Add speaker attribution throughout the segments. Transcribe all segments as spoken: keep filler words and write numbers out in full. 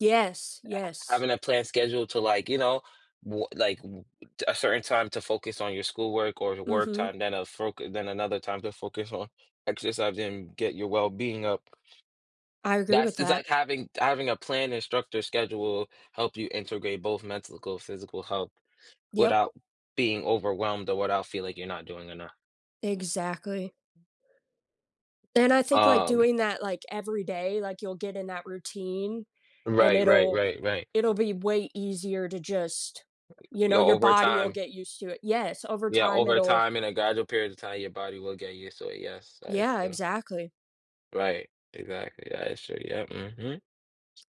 Speaker 1: Yes,
Speaker 2: Ha
Speaker 1: yes.
Speaker 2: having a planned schedule to, like, you know, b like, w t a certain time to focus on your schoolwork or your work
Speaker 1: Mhm.
Speaker 2: time, then a foc then another time to focus on exercising and get your well-being up.
Speaker 1: I agree
Speaker 2: That's
Speaker 1: with
Speaker 2: it's
Speaker 1: that.
Speaker 2: like having having a plan instructor schedule help you integrate both mental and physical health
Speaker 1: Yep.
Speaker 2: without being overwhelmed or without feeling, like, you're not doing enough.
Speaker 1: Exactly. And I think, like,
Speaker 2: Um.
Speaker 1: doing that, like, every day, like, you'll get in that routine, and
Speaker 2: Right, right,
Speaker 1: it'll
Speaker 2: right, right.
Speaker 1: it'll be way easier to, just,
Speaker 2: Right,
Speaker 1: you
Speaker 2: yeah,
Speaker 1: know, your
Speaker 2: over
Speaker 1: body will
Speaker 2: time.
Speaker 1: get used to it. Yes, over
Speaker 2: Yeah,
Speaker 1: time
Speaker 2: over
Speaker 1: it'll
Speaker 2: time, in a gradual period of time, your body will get used to it, yes, that is
Speaker 1: Yeah,
Speaker 2: true.
Speaker 1: exactly.
Speaker 2: Right, exactly, yeah, it's true, yeah, mhm.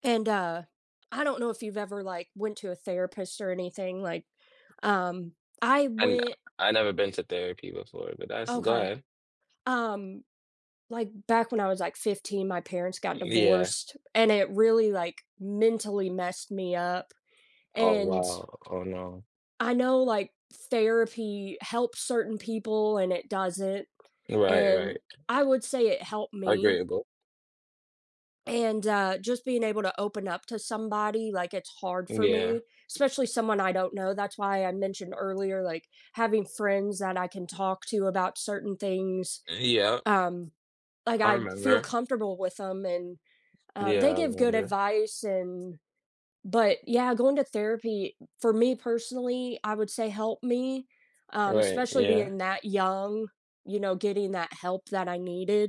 Speaker 1: And, uh, I don't know if you've ever, like, went to a therapist or anything, like, um, I
Speaker 2: And
Speaker 1: went
Speaker 2: I never been to therapy before, but that's go
Speaker 1: Okay.
Speaker 2: ahead.
Speaker 1: Um, like, back when I was, like, fifteen, my parents got
Speaker 2: Yeah.
Speaker 1: divorced and it really, like, mentally messed me up,
Speaker 2: Oh
Speaker 1: and
Speaker 2: wow. Oh no.
Speaker 1: I know, like, therapy helps certain people and it doesn't,
Speaker 2: Right, right.
Speaker 1: and I would say it helped me
Speaker 2: Agreeable.
Speaker 1: and, uh, just, being able to open up to somebody, like, it's hard for
Speaker 2: Yeah.
Speaker 1: me, especially someone I don't know, that's why I mentioned earlier, like, having friends that I can talk to about certain things,
Speaker 2: Yeah.
Speaker 1: um, like,
Speaker 2: I
Speaker 1: I feel
Speaker 2: remember.
Speaker 1: comfortable with 'em and, um,
Speaker 2: Yeah,
Speaker 1: they
Speaker 2: I
Speaker 1: give good
Speaker 2: remember.
Speaker 1: advice, and, but yeah, going to therapy, for me personally, I would say helped me, um,
Speaker 2: Right,
Speaker 1: especially
Speaker 2: yeah.
Speaker 1: being that young, you know, getting that help that I needed.